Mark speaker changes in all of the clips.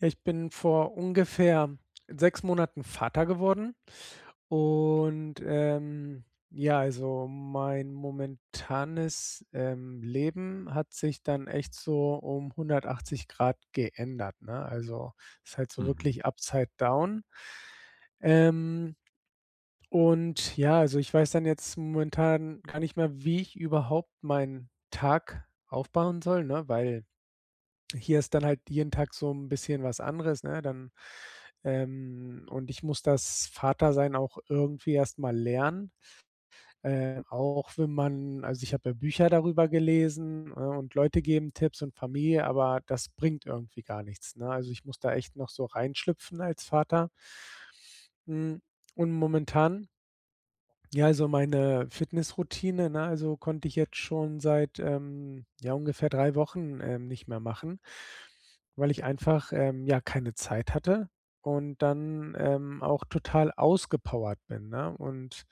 Speaker 1: Ja, ich bin vor ungefähr 6 Monaten Vater geworden und, ähm, ja, also mein momentanes, ähm, Leben hat sich dann echt so um 180 Grad geändert, ne? Also ist halt so
Speaker 2: Mhm.
Speaker 1: wirklich upside down Ähm. Und ja, also ich weiß dann jetzt momentan gar nicht mehr, wie ich überhaupt meinen Tag aufbauen soll, ne? Weil hier ist dann halt jeden Tag so 'n bisschen was anderes, ne? Dann Ähm, und ich muss das Vatersein auch irgendwie erstmal lernen, äh, auch wenn man also ich habe ja Bücher darüber gelesen, ne, und Leute geben Tipps und Familie, aber das bringt irgendwie gar nichts, ne? Also ich muss da echt noch so reinschlüpfen als Vater. Hm, und momentan Ja, also meine Fitnessroutine, ne, also konnte ich jetzt schon seit, ähm, ja ungefähr 3 Wochen, ähm, nicht mehr machen, weil ich einfach, ähm, ja keine Zeit hatte und dann, ähm, auch total ausgepowert bin, ne? Und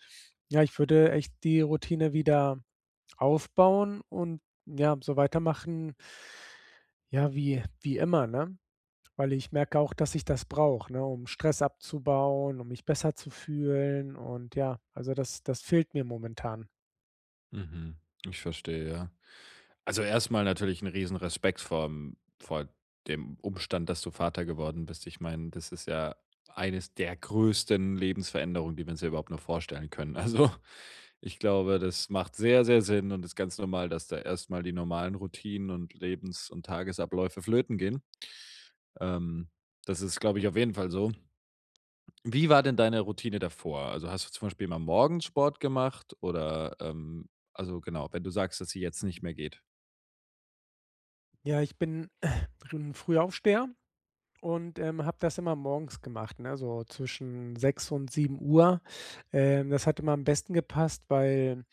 Speaker 1: ja, ich würde echt die Routine wieder aufbauen und, ja, so weitermachen ja, wie wie immer, ne? Weil ich merke auch, dass ich das brauche, ne, um Stress abzubauen, um mich besser zu fühlen und, ja, also das das fehlt mir momentan.
Speaker 2: Mhm, ich verstehe, ja. Also erstmal natürlich 'n Riesenrespekt vorm vor dem Umstand, dass du Vater geworden bist. Ich meine, das ist ja eines der größten Lebensveränderungen, die man sich überhaupt noch vorstellen können. Also, ich glaube, das macht sehr, sehr Sinn und ist ganz normal, dass da erstmal die normalen Routinen und Lebens und Tagesabläufe flöten gehen. Ähm, das ist, glaube ich, auf jeden Fall so. Wie war denn deine Routine davor? Also, hast du zum Beispiel immer morgens Sport gemacht oder, ähm also, genau, wenn du sagst, dass sie jetzt nicht mehr geht.
Speaker 1: Ja, ich bin, äh, bin 'n Frühaufsteher und, ähm, habe das immer morgens gemacht, ne, so zwischen 6.00 und 07:00. Ähm, das hat immer am besten gepasst, weil,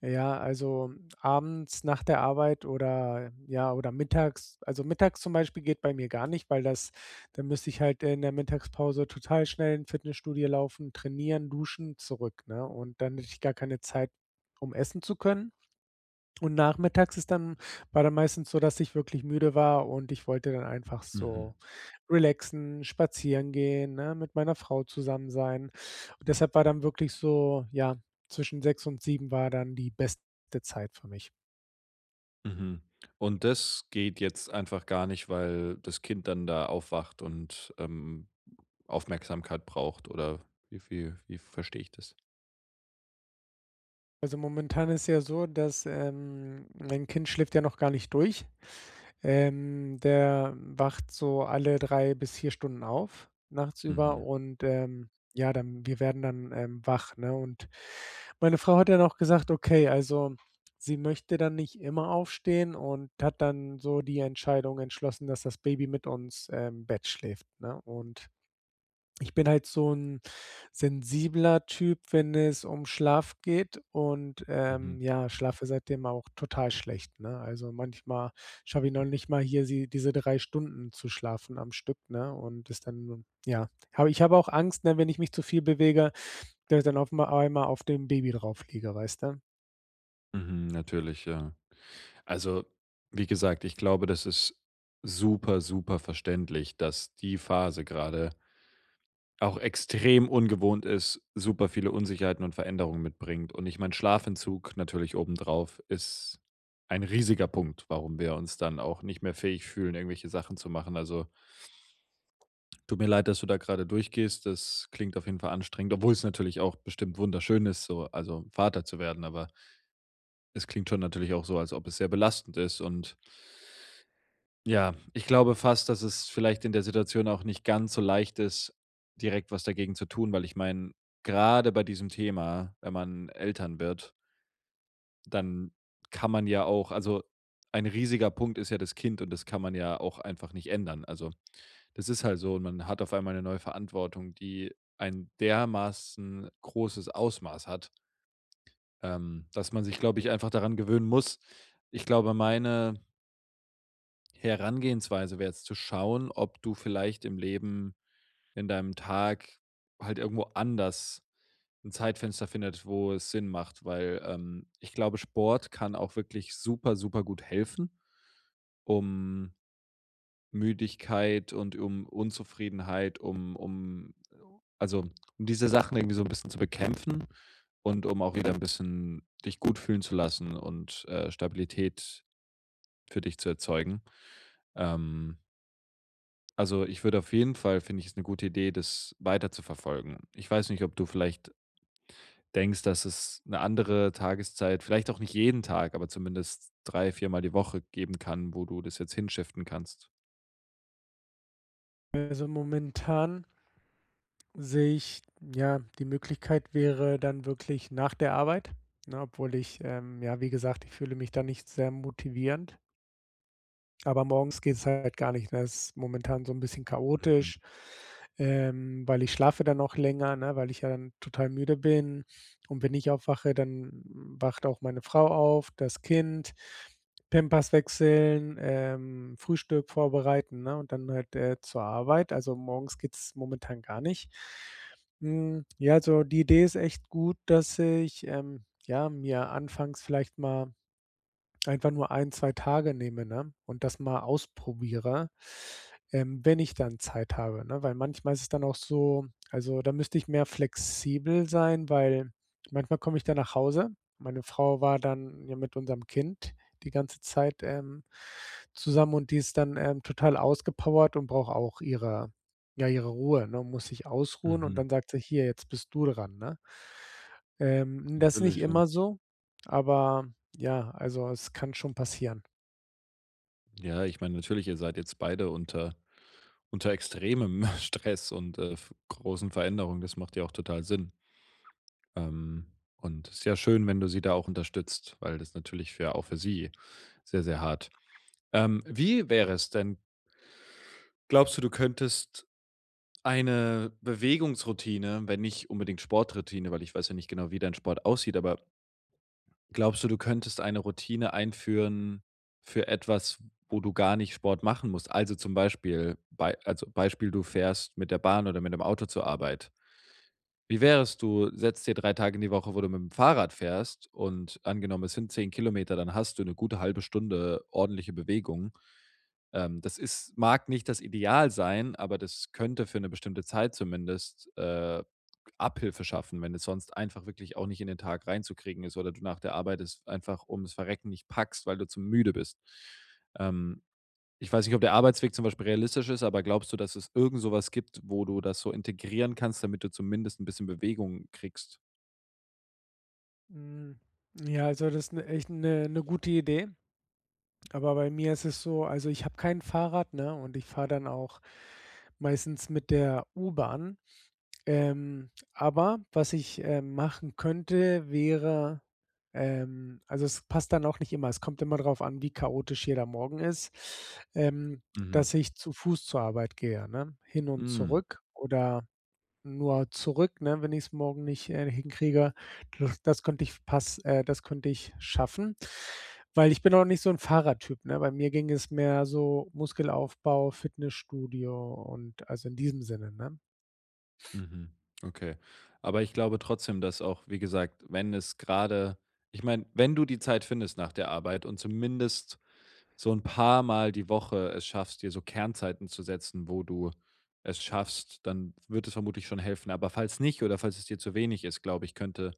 Speaker 1: ja, also, abends nach der Arbeit oder ja, oder mittags, also, mittags zum Beispiel geht bei mir gar nicht, weil das da müsste ich halt, äh, in der Mittagspause total schnell in Fitnessstudio laufen, trainieren, duschen zurück, ne? Und dann hätte ich gar keine Zeit, um essen zu können. Und nachmittags ist dann war dann meistens so, dass ich wirklich müde war und ich wollte dann einfach
Speaker 2: Mhm.
Speaker 1: so relaxen, spazieren gehen, ne, mit meiner Frau zusammen sein. Deshalb war dann wirklich so, ja, zwischen 6:00 und 7:00 war dann die beste Zeit für mich.
Speaker 2: Mhm. Und das geht jetzt einfach gar nicht, weil das Kind dann da aufwacht und, ähm, Aufmerksamkeit braucht, oder wie wie wie verstehe ich das?
Speaker 1: Also, momentan ist ja so, dass, ähm, mein Kind schläft ja noch gar nicht durch. Ähm, der wacht so alle 3 bis 4 Stunden auf, nachtsüber
Speaker 2: Mhm.
Speaker 1: und, ähm, ja, dann wir werden dann, ähm, wach, ne, und meine Frau hat dann auch gesagt: „Okay, also, sie möchte dann nicht immer aufstehen“ und hat dann so die Entscheidung entschlossen, dass das Baby mit uns, ähm, im Bett schläft, ne? Und ich bin halt so 'n sensibler Typ, wenn es um Schlaf geht und,
Speaker 2: Mhm.
Speaker 1: ähm, ja, schlafe seitdem auch total schlecht, ne? Also, manchmal schaffe ich noch nicht mal hier sie diese 3 Stunden zu schlafen am Stück, ne, und das dann ja, habe ich habe auch Angst, ne, wenn ich mich zu viel bewege, da da auf mal einmal auf dem Baby draufliege, weißt du?
Speaker 2: Mhm, natürlich, ja. Also, wie gesagt, ich glaube, das ist super, super verständlich, dass die Phase gerade auch extrem ungewohnt ist, super viele Unsicherheiten und Veränderungen mitbringt. Und ich meine, Schlafentzug natürlich oben drauf ist ein riesiger Punkt, warum wir uns dann auch nicht mehr fähig fühlen, irgendwelche Sachen zu machen. Also tut mir leid, dass du da gerade durchgehst. Das klingt auf jeden Fall anstrengend, obwohl es natürlich auch bestimmt wunderschön ist, so, also, Vater zu werden, aber es klingt schon natürlich auch so, als ob es sehr belastend ist und ja, ich glaube fast, dass es vielleicht in der Situation auch nicht ganz so leicht ist, direkt was dagegen zu tun, weil ich meine, grade bei diesem Thema, wenn man Eltern wird dann kann man ja auch also, ein riesiger Punkt ist ja das Kind und das kann man ja auch einfach nicht ändern. Also, das ist halt so, man hat auf einmal 'ne neue Verantwortung, die ein dermaßen großes Ausmaß hat ähm, dass man sich, glaube ich, einfach daran gewöhnen muss. Ich glaube, meine Herangehensweise wäre jetzt zu schauen, ob du vielleicht im Leben in deinem Tag halt irgendwo anders 'n Zeitfenster findet, wo es Sinn macht, weil, ähm, ich glaube, Sport kann auch wirklich super, super gut helfen, um Müdigkeit und um Unzufriedenheit, um um also um diese Sachen irgendwie so 'n bisschen zu bekämpfen und um auch wieder 'n bisschen dich gut fühlen zu lassen und, äh, Stabilität für dich zu erzeugen. Ähm also ich würde auf jeden Fall finde ich ist 'ne gute Idee, das weiterzuverfolgen. Ich weiß nicht, ob du vielleicht denkst, dass es 'ne andere Tageszeit vielleicht auch nicht jeden Tag, aber zumindest drei viermal die Woche geben kann, wo du das jetzt hinshiften kannst?
Speaker 1: Also momentan sehe ich ja, die Möglichkeit wäre dann wirklich nach der Arbeit, ne? Obwohl ich, ähm ja, wie gesagt, ich fühle mich da nicht sehr motivierend. Aber morgens geht's halt gar nicht, ne? Es momentan so 'n bisschen
Speaker 2: Mhm.
Speaker 1: chaotisch, ähm weil ich schlafe dann auch länger, ne, weil ich ja dann total müde bin und wenn ich aufwache, dann wacht auch meine Frau auf, das Kind Pampers wechseln, ähm, Frühstück vorbereiten, ne? Und dann halt, äh, zur Arbeit. Also, morgens geht's momentan gar nicht. Hm, ja, also die Idee ist echt gut, dass ich, ähm, ja, mir anfangs vielleicht mal einfach nur 1, 2 Tage nehme, ne, und das mal ausprobiere, ähm, wenn ich dann Zeit habe, ne? Weil manchmal ist es dann auch so also, da müsste ich mehr flexibel sein, weil manchmal komme ich dann nach Hause, meine Frau war dann ja mit unserem Kind die ganze Zeit, ähm, zusammen und die ist dann, ähm, total ausgepowert und braucht auch ihre ja, ihre Ruhe, ne muss sich ausruhen und
Speaker 2: Mhm.
Speaker 1: dann sagt sie: „Hier, jetzt bist du dran“, ne? Ähm, das nicht
Speaker 2: Natürlich und
Speaker 1: immer so aber ja, also es kann schon passieren.
Speaker 2: Ja, ich meine, natürlich, ihr seid jetzt beide unter unter extremem Stress und, äh, f großen Veränderungen. Das macht ja auch total Sinn. Ähm, und ist ja schön, wenn du sie da auch unterstützt, weil das ist natürlich für auch für sie sehr, sehr hart. Ähm. Wie wäre es denn? Glaubst du, du könntest eine Bewegungsroutine, wenn nicht unbedingt Sporttroutine, weil ich weiß ja nicht genau, wie dein Sport aussieht, aber glaubst du, du könntest eine Routine einführen für etwas, wo du gar nicht Sport machen musst? Also, zum Beispiel, bei also Beispiel, du fährst mit der Bahn oder mit dem Auto zur Arbeit. Wie wär's, du setzt dir 3 Tage die Woche, wo du mit dem Fahrrad fährst, und angenommen, es sind 10 Kilometer, dann hast du 'ne gute halbe Stunde ordentliche Bewegung. Ähm, das ist mag nicht das Ideal sein, aber das könnte für 'ne bestimmte Zeit zumindest, äh, Abhilfe schaffen, wenn es sonst einfach wirklich auch nicht in den Tag reinzukriegen ist oder du nach der Arbeit das einfach ums Verrecken nicht packst, weil du zu müde bist. Ähm, ich weiß nicht, ob der Arbeitsweg zum Beispiel realistisch ist, aber glaubst du, dass es irgend sowas gibt, wo du das so integrieren kannst, damit du zumindest 'n bisschen Bewegung kriegst?
Speaker 1: Hm. Ja, also, das 'ne echt 'ne 'ne gute Idee. Aber bei mir ist es so, also, ich habe kein Fahrrad, ne? Und ich fahre dann auch meistens mit der U-Bahn. Ähm, aber was ich, ähm, machen könnte, wäre ähm, also, es passt dann auch nicht immer, es kommt immer darauf an, wie chaotisch jeder Morgen ist, ähm,
Speaker 2: Mhm.
Speaker 1: dass ich zu Fuß zur Arbeit gehe, ne? Hin und
Speaker 2: Hm.
Speaker 1: zurück oder nur zurück, ne? Wenn ich es morgen nicht, äh, hinkriege, das das könnte ich pass äh, das könnte ich schaffen. Weil ich bin auch nicht so 'n Fahrradtyp, ne? Bei mir ging es mehr so Muskelaufbau, Fitnessstudio und, also, in diesem Sinne, ne?
Speaker 2: Mhm, okay. Aber ich glaube trotzdem, dass auch, wie gesagt, wenn es grade ich meine, wenn du die Zeit findest nach der Arbeit und zumindest so 'n paar Mal die Woche es schaffst, dir so Kernzeiten zu setzen, wo du es schaffst, dann wird es vermutlich schon helfen. Aber falls nicht, oder falls es dir zu wenig ist, glaube ich, könnte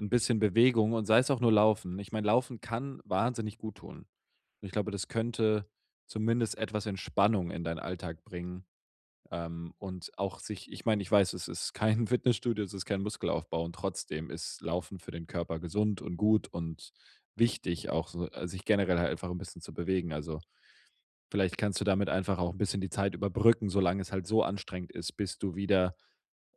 Speaker 2: 'n bisschen Bewegung und sei es auch nur Laufen. Ich meine, Laufen kann wahnsinnig gut tun. Und ich glaube, das könnte zumindest etwas Entspannung in deinen Alltag bringen. Ähm, und auch sich ich meine, ich weiß, es ist kein Fitnessstudio, es ist kein Muskelaufbau und trotzdem ist Laufen für den Körper gesund und gut und wichtig auch so al sich generell halt einfach 'n bisschen zu bewegen, also, vielleicht kannst du damit einfach auch 'n bisschen die Zeit überbrücken, solange es halt so anstrengend ist, bis du wieder,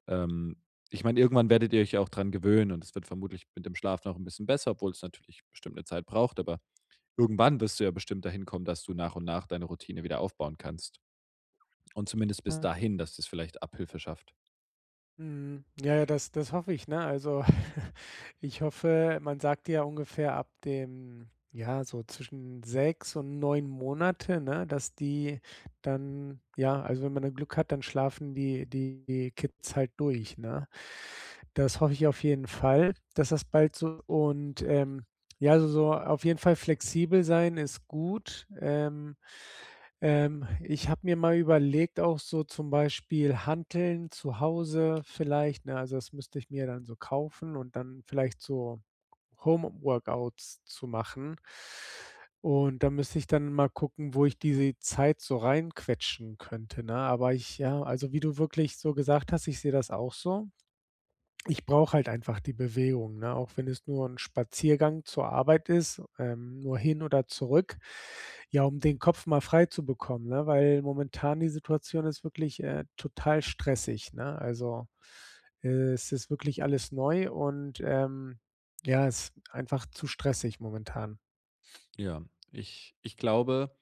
Speaker 2: ähm ich meine, irgendwann werdet ihr euch ja auch dran gewöhnen und es wird vermutlich mit dem Schlaf noch 'n bisschen besser, obwohl es natürlich bestimmt 'ne Zeit braucht, aber irgendwann wirst du ja bestimmt dahin kommen, dass du nach und nach deine Routine wieder aufbauen kannst. Und zumindest bis
Speaker 1: Ja.
Speaker 2: dahin, dass das vielleicht Abhilfe schafft.
Speaker 1: Mhm, ja, ja, das das hoffe ich, ne? Also, ich hoffe, man sagt ja, ungefähr ab dem ja, so zwischen 6 und 9 Monate, ne, dass die dann ja, also, wenn man dann Glück hat, dann schlafen die die Kids halt durch, ne? Das hoffe ich auf jeden Fall, dass das bald so und, ähm, ja so auf jeden Fall flexibel sein ist gut, ähm, ähm, ich habe mir mal überlegt auch so zum Beispiel Hanteln zu Hause vielleicht, ne? Also, das müsste ich mir dann so kaufen und dann vielleicht so Home Workouts zu machen. Und da müsste ich dann mal gucken, wo ich diese Zeit so rein quetschen könnte, ne, aber ich ja, also wie du wirklich so gesagt hast, ich sehe das auch so. Ich brauche halt einfach die Bewegung, ne, auch wenn es nur 'n Spaziergang zur Arbeit ist, ähm, nur hin oder zurück, ja, um den Kopf mal frei zu bekommen, ne? Weil momentan die Situation ist wirklich, äh, total stressig, ne? Also, es ist wirklich alles neu und, ähm, ja, es einfach zu stressig momentan.
Speaker 2: Ja, ich ich glaube,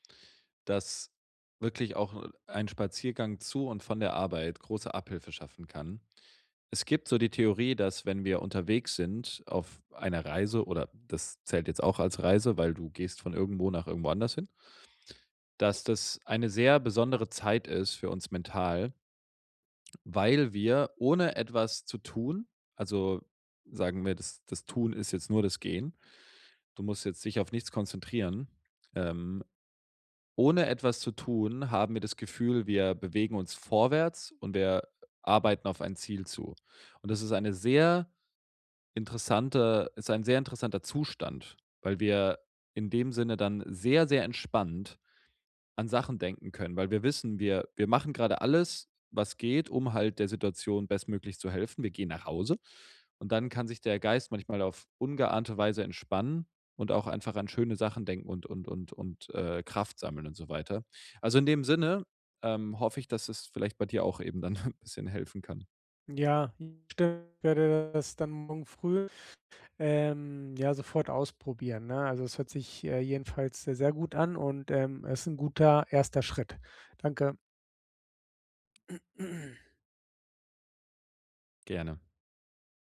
Speaker 2: dass wirklich auch ein Spaziergang zu und von der Arbeit große Abhilfe schaffen kann. Es gibt so die Theorie, dass wenn wir unterwegs sind auf einer Reise, oder das zählt jetzt auch als Reise, weil du gehst von irgendwo nach irgendwo anders hin dass das eine sehr besondere Zeit ist, für uns mental weil wir ohne etwas zu tun also sagen wir, das das Tun ist jetzt nur das Gehen. Du musst jetzt dich auf nichts konzentrieren. Ähm, ohne etwas zu tun, haben wir das Gefühl, wir bewegen uns vorwärts und wir arbeiten auf ein Ziel zu. Und, das ist eine sehr interessante ist ein sehr interessanter Zustand, weil wir in dem Sinne dann sehr, sehr entspannt an Sachen denken können, weil wir wissen, wir wir machen gerade alles, was geht, um halt der Situation bestmöglich zu helfen. Wir gehen nach Hause und dann kann sich der Geist manchmal auf ungeahnte Weise entspannen und auch einfach an schöne Sachen denken und und und und, äh, Kraft sammeln und so weiter. Also, in dem Sinne, ähm, hoffe ich, dass es vielleicht bei dir auch eben dann ‘n bisschen helfen kann.
Speaker 1: Ja. [unintelligible] werde das dann morgen früh, ähm, ja sofort ausprobieren, ne? Also, das hört sich, äh, jedenfalls sehr, sehr gut an und, ähm, es ist ‘n guter 1. Schritt. Danke.
Speaker 2: Gerne.